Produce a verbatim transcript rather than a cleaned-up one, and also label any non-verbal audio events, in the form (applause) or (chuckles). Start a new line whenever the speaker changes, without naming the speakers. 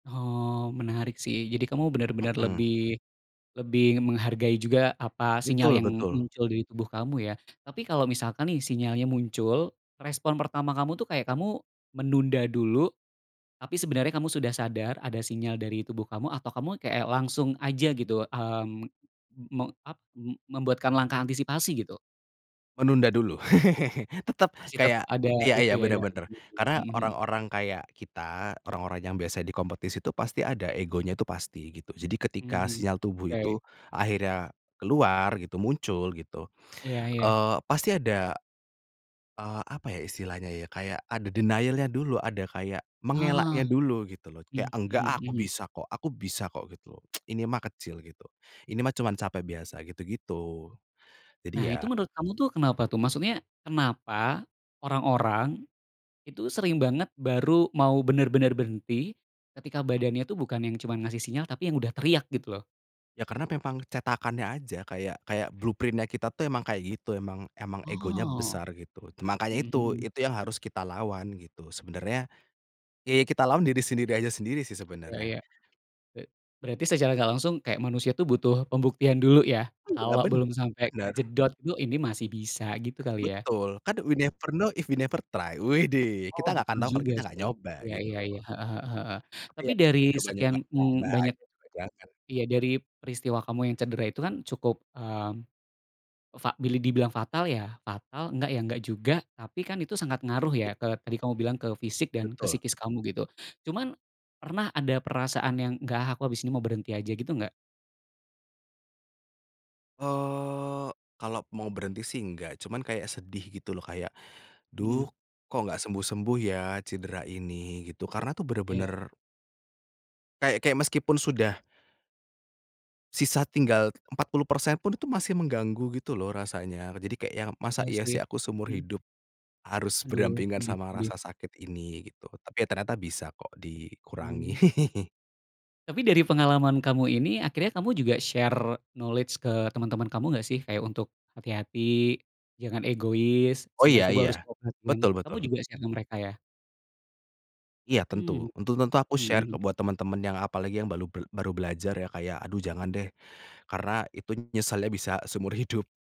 Oh, menarik sih. Jadi kamu bener-bener
Mhm.
lebih, lebih menghargai juga, apa, sinyal
Betul
yang
betul.
muncul dari tubuh kamu ya? Tapi kalau misalkan nih, sinyalnya muncul, respon pertama kamu tuh kayak kamu menunda dulu, tapi sebenarnya kamu sudah sadar ada sinyal dari tubuh kamu, atau kamu kayak langsung aja gitu? Mmm, (smacks lips) me ap me membuatkan langkah antisipasi gitu?
Menunda dulu. (laughs) Tetep
Masih tetep
kayak
ada
iya
itu
iya,
ya,
bener
ada.
bener.
(unintelligible)
Karena
Mhm mhm.
orang-orang kayak kita, orang-orang yang biasa di kompetisi, itu pasti ada egonya, tuh pasti, gitu. Jadi, ketika
Mhm,
sinyal tubuh itu
oke.
akhirnya keluar gitu, muncul gitu,
Iya iya.
eee, pasti ada eee, apa ya, istilahnya, ya? Kayak ada denial-nya dulu, ada kayak
Ah,
mengelaknya dulu, gitu loh. Kayak,
mmm, mhm
"Enggak ah, aku
mhm.
bisa kok aku bisa kok." Gitu loh. (tsk) "Ini mah kecil." Gitu, "Ini mah cuma capek biasa." Gitu-gitu.
Nah,
Jadi,
itu
ya
menurut kamu tuh kenapa tuh? Maksudnya, kenapa orang-orang, itu sering banget baru mau bener-bener berhenti, ketika badannya tuh bukan yang cuma ngasih sinyal, tapi yang udah teriak gitu loh?
Ya, karena memang cetakannya aja. Kayak, kayak blueprint-nya kita tuh emang kayak gitu. Emang, emang egonya
Oh.
besar, gitu. Makanya
Mhm
itu,
mhm.
itu yang harus kita lawan, gitu. Sebenarnya, ye, kita lawan diri sendiri aja sendiri sih,
Iya
sebenarnya.
iya. E berarti secara nggak langsung kayak manusia tuh butuh pembuktian dulu, ya?
Iya,
Kalau
ben
belum sampai
bener.
kejedot tuh, "Ini masih bisa." Gitu kali, ya?
Betul. Kan, we never know, if we never try. Widih!
Oh,
Kita nggak akan
betul
tahu, kalau
juga,
kita nggak
sih.
nyoba,
Iya
gitu
iya iya.
loh.
Heeh heeh heeh.
Tapi,
Tapi,
ya,
dari sekian,
nyoba-nyoba,
mmm,
(unintelligible)
banyak
itu juga jangan.
iya, dari peristiwa kamu yang cedera itu kan cukup, mmm, fa bilih dibilang fatal ya, fatal, enggak, ya enggak juga, tapi kan itu sangat ngaruh
Iya.
ya ke tadi kamu bilang, ke fisik, dan ke
Betul.
psikis kamu, gitu. Cuman, pernah ada perasaan yang, "Nggak ah, aku habis ini mau berhenti aja." Gitu, nggak?
Eee, kalau mau berhenti sih enggak, cuman kayak sedih gitu, loh, kayak, "Duh,
Mhm.
kok nggak sembuh-sembuh ya cedera ini?" Gitu. Karena tuh
Iya.
bener-bener kayak kayak meskipun sudah sisa tinggal empat puluh persen pun itu masih mengganggu gitu loh rasanya. Jadi kayak yang, "Masa
Iya,
iya
sih.
sih, aku seumur
Mhm.
hidup harus
Aduh,
berdampingan
sedih,
sama
sedih.
rasa sakit ini?" Gitu. Tapi ya ternyata bisa kok, dikurangi.
Mmm.
(chuckles)
Tapi dari pengalaman kamu ini, akhirnya kamu juga share knowledge ke teman-teman kamu nggak sih? Kayak untuk, "Hati-hati, jangan egois,
Oh,
sinyal
ya
tubuh harus
ya.
kamu perhatiin."
Betul
Kamu
betul.
juga share ke mereka, ya?
Iya, tentu.
Mhm,
Tentu tentu aku share
mhm.
ke buat temen-temen yang apalagi yang balu bel baru belajar ya, kayak, "Aduh, jangan deh." Karena itu nyesalnya bisa seumur hidup.